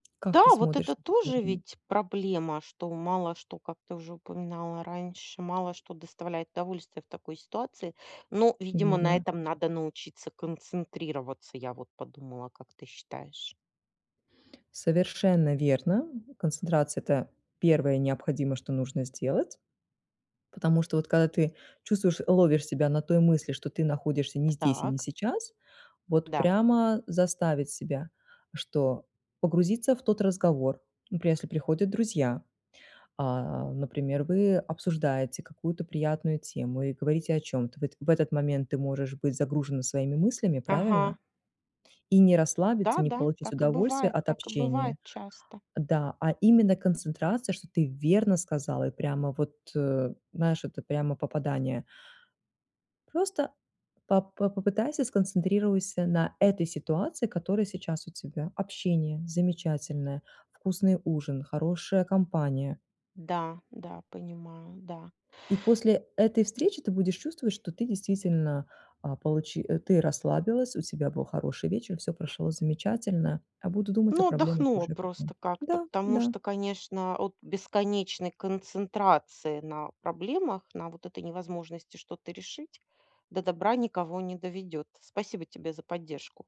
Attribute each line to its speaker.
Speaker 1: Как
Speaker 2: Да,
Speaker 1: ты
Speaker 2: вот
Speaker 1: смотришь
Speaker 2: это
Speaker 1: на такой
Speaker 2: тоже
Speaker 1: вариант?
Speaker 2: ведь проблема, что мало что, как ты уже упоминала раньше, мало что доставляет удовольствие в такой ситуации. Но, видимо, на
Speaker 1: Верно.
Speaker 2: этом надо научиться концентрироваться, я вот подумала. Как ты считаешь?
Speaker 1: Совершенно верно. Концентрация- это первое необходимое, что нужно сделать. Потому что вот когда ты чувствуешь ловишь себя на той мысли, что ты находишься не здесь и не
Speaker 2: Так.
Speaker 1: сейчас, вот
Speaker 2: Да.
Speaker 1: прямо заставить себя, что погрузиться в тот разговор. Например, если приходят друзья, а, например, вы обсуждаете какую-то приятную тему, и говорите о чём-то. В этот в этот момент ты можешь быть загружена своими мыслями,
Speaker 2: Ага.
Speaker 1: правильно? И не расслабиться, не
Speaker 2: Да-да,
Speaker 1: получить
Speaker 2: так и
Speaker 1: удовольствие
Speaker 2: бывает.
Speaker 1: от
Speaker 2: Так и бывает
Speaker 1: общения.
Speaker 2: часто.
Speaker 1: Да, а именно концентрация, что ты верно сказала, и прямо вот, э, знаешь, это прямо попадание. Просто по по попытайся, сконцентрируйся на этой ситуации, которая сейчас у тебя. Общение замечательное, вкусный ужин, хорошая компания.
Speaker 2: Да, да, понимаю. Да.
Speaker 1: И после этой встречи ты будешь чувствовать, что ты действительно, а, получи ты расслабилась, у тебя был хороший вечер, всё прошло замечательно, а буду думать о
Speaker 2: Но
Speaker 1: проблемах
Speaker 2: отдохнула
Speaker 1: уже
Speaker 2: просто
Speaker 1: потом.
Speaker 2: как-то.
Speaker 1: Да,
Speaker 2: Потому что,
Speaker 1: да.
Speaker 2: конечно, от бесконечной концентрации на проблемах, на вот этой невозможности что-то решить, до добра никого не доведет. Спасибо тебе за поддержку.